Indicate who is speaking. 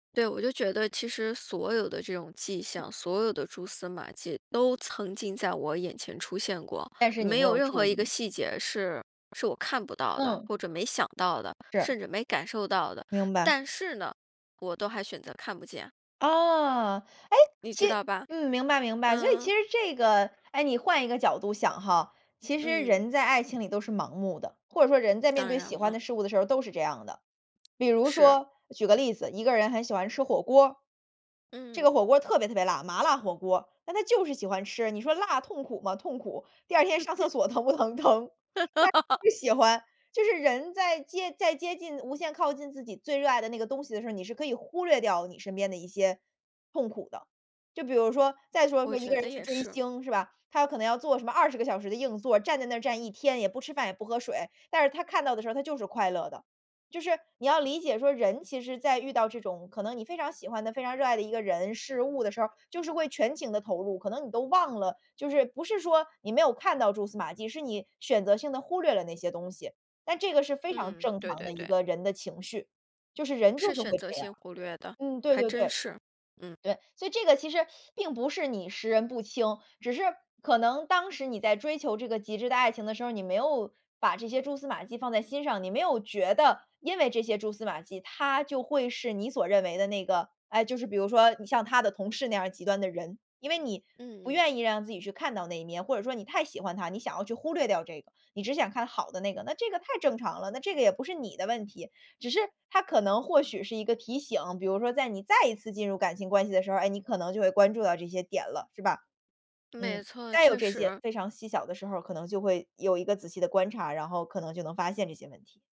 Speaker 1: 对，我就觉得其实所有的这种迹
Speaker 2: 嗯。
Speaker 1: 象，所有的蛛丝马迹都曾经在我眼前出现过，
Speaker 2: 但是你
Speaker 1: 没
Speaker 2: 没
Speaker 1: 有
Speaker 2: 有
Speaker 1: 任
Speaker 2: 注
Speaker 1: 何一个
Speaker 2: 意。
Speaker 1: 细节是是我看不到的，
Speaker 2: 嗯。
Speaker 1: 或者没想到的，
Speaker 2: 是。
Speaker 1: 甚至没感受到的。
Speaker 2: 明白。
Speaker 1: 但是呢，我都还选择看不见。
Speaker 2: 啊，哎，
Speaker 1: 你
Speaker 2: 其
Speaker 1: 知道吧？
Speaker 2: 嗯，明白明白，所以
Speaker 1: 嗯。
Speaker 2: 其实这个哎，你换一个角度想哈，其实
Speaker 1: 嗯。
Speaker 2: 人在爱情里都是盲目的，或者说人在面
Speaker 1: 当
Speaker 2: 对
Speaker 1: 然
Speaker 2: 喜欢
Speaker 1: 了。
Speaker 2: 的事物的时候儿都是这样的。比如
Speaker 1: 是。
Speaker 2: 说举个例子，一个人很喜欢吃火锅儿。这
Speaker 1: 嗯。
Speaker 2: 个火锅特别特别辣，麻辣火锅儿，那他就是喜欢吃，你说辣痛苦吗？痛苦，第2天上厕 所疼不疼？疼。但就喜欢，就是人在接在接近无限靠近自己最热爱的那个东西的时候，你是可以忽略掉你身边的一些痛苦的。就比如说再说说
Speaker 1: 我
Speaker 2: 一
Speaker 1: 觉
Speaker 2: 个人
Speaker 1: 得
Speaker 2: 去
Speaker 1: 也
Speaker 2: 追
Speaker 1: 是。
Speaker 2: 星是吧，他要可能要做什么20个小时的硬座儿，站在那儿站一天，也不吃饭，也不喝水，但是他看到的时候儿，他就是快乐的。就是你要理解说人其实在遇到这种可能你非常喜欢的、非常热爱的一个人、事物的时候儿，就是会全情地投入，可能你都忘了，就是不是说你没有看到蛛丝马迹，是你选择性地忽略了那些东西。但这个是非常
Speaker 1: 嗯，
Speaker 2: 正
Speaker 1: 对
Speaker 2: 常的
Speaker 1: 对
Speaker 2: 一
Speaker 1: 对。
Speaker 2: 个人的情绪，就是人
Speaker 1: 是
Speaker 2: 就是
Speaker 1: 选
Speaker 2: 会
Speaker 1: 择
Speaker 2: 这样，
Speaker 1: 性忽略的，
Speaker 2: 嗯，对
Speaker 1: 还
Speaker 2: 对
Speaker 1: 真
Speaker 2: 对。
Speaker 1: 是，嗯。
Speaker 2: 对，所以这个其实并不是你识人不清，只是可能当时你在追求这个极致的爱情的时候，你没有把这些蜘丝马迹放在心上，你没有觉得因为这些蛛丝马迹，他就会是你所认为的那个哎，就是比如说像他的同事那样儿极端的人。因为你不
Speaker 1: 嗯嗯。
Speaker 2: 愿意让自己去看到那一面，或者说你太喜欢他，你想要去忽略掉这个，你只想看好的那个，那这个太正常了，那这个也不是你的问题。只是它可能或许是一个提醒，比如说在你再一次进入感情关系的时候，哎，你可能就会关注到这些点了，是吧。嗯，
Speaker 1: 没错，
Speaker 2: 再有
Speaker 1: 确
Speaker 2: 这些
Speaker 1: 实。
Speaker 2: 非常细小的时候儿，可能就会有一个仔细的观察，然后可能就能发现这些问题。